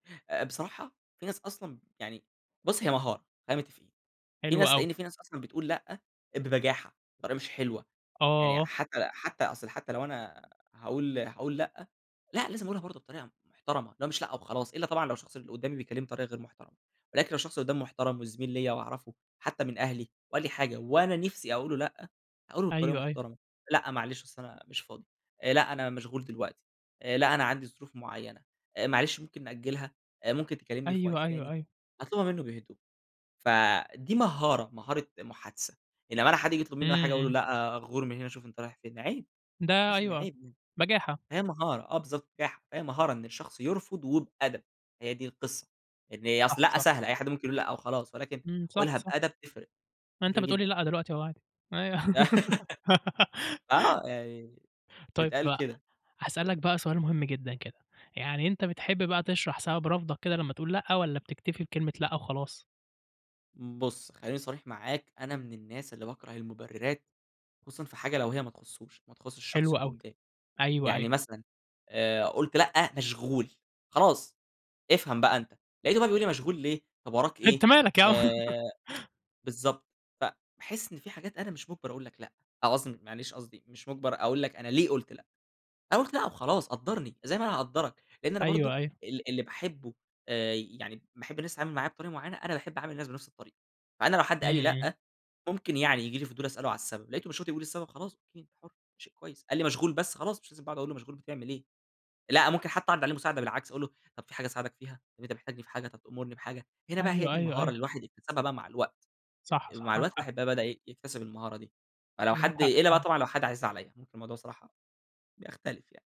آآ، بصراحة، في ناس أصلًا يعني بُص، هي مهارة، خلينا متفقين. في حلو ناس أوي. لأن في ناس أصلًا بتقول لأ، ببجاحة، طريقة مش حلوة. يعني آه. حتى حتى أصلًا حتى لو أنا هاقول هاقول لأ، لأ لازم أقولها برضه بطريقة محترمة اللي هو مش لأ وخلاص، إلا طبعًا لو الشخص اللي قدامي بيكلمني بطريقة غير محترمة. ولكن لو الشخص قدامي محترم وزميل ليّا وأعرفه، حتى من أهلي، وقال لي حاجة وأنا نفسي أقول له لأ، هاقول له بطريقة أيوه، أيوه. محترمة. لأ، معلش أصل أنا مش فاضي. لأ، أنا مشغول دلوقتي. لأ، أنا عندي ظروف معينة. آآ، معلش ممكن نأجلها؟ ممكن تكلمني في وقت أيوه، أيوه، تاني؟ أيوه. أطلبها منه بهدوء. فدي مهارة، مهارة محادثة.أنما حد ييجي يطلب مني إمم، حاجة أقول إمم. له: "لأ، غور من هنا، شوف أنت رايح فين." عيب ده تحس إن أيوه، عيب يعني. بجاحة. هي مهارة آه، بالضبط. بجاحة. فهي مهارة إن الشخص يرفض وبأدب، هي دي القصة. إن صح، أصل لأ صح. سهلة، أي حد ممكن يقول لأ وخلاص، ولكن امم، صح، قلها صح. بأدب تفرق، ما أنت تفرق بتقول لي جدًا. لأ دلوقتي أهو عادي، أيوه. آه، يعني طيب، تتقال بقى، كده. هاسألك بقى سؤال مهم جدًا كده، يعني أنت بتحب بقى تشرح سبب رفضك كده لمّا تقول لأ والّا بتكتفي بكلمة لأ وخلاص؟ بُص، خليني صريح معاك أنا من الناس اللي باكره المبررات، خصوصًا في حاجة لو هي ما تخصوش، ما تخصش الشخص حلو اللي أوي. قدامي. أيوه، أيوه. يعني مثلًا آآ، قلت لأ، مشغول. خلاص، افهم بقى أنت. لقيته بقى بيقول لي: "مشغول ليه؟ طب، وراك أنت إيه؟" مالك يا عم. آآ، بالضبط، فباحس إن في حاجات أنا مش مجبر أقول لك لأ، أو قصدي معلش قصدي مش مجبر أقول لك أنا ليه قلت لأ. أنا قلت لأ وخلاص، قدرني، زي ما أنا هاقدرك، لإن أنا برضه أيوه، أيوه. ال اللي باحبه يعني باحب الناس تتعامل معايا بطريقة معينة، أنا باحب أعامل الناس بنفس الطريقة. فأنا لو حد قال إمم، لي إمم. لأ، ممكن يعني ييجي لي فضول أسأل له عن السبب، لقيته مش راضي يقول السبب، خلاص أوكي. أنت حُر، شيء كويس. قال لي مشغول بس، خلاص مش لازم بقى أقعد أقول له مشغول بتعمل إيه. لأ، ممكن حتى أعرض عليه مساعدة بالعكس، أقول له: "طب، في حاجة أساعدك فيها؟ أنت محتاجني في حاجة؟ طب، تأمرني بحاجة؟" هنا بقى هي أيوه، دي أيوه، المهارة أيوه. اللي الواحد يكتسبها بقى مع الوقت. صح، صح، مع معاك الوقت حق. الواحد بقى بدأ يكتسب المهارة دي. فلو معاك حد حق إلا بقى فعلًا. طبعًا لو حد عزيز عليّا ممكن الموضوع الصراحة بيختلف يعني.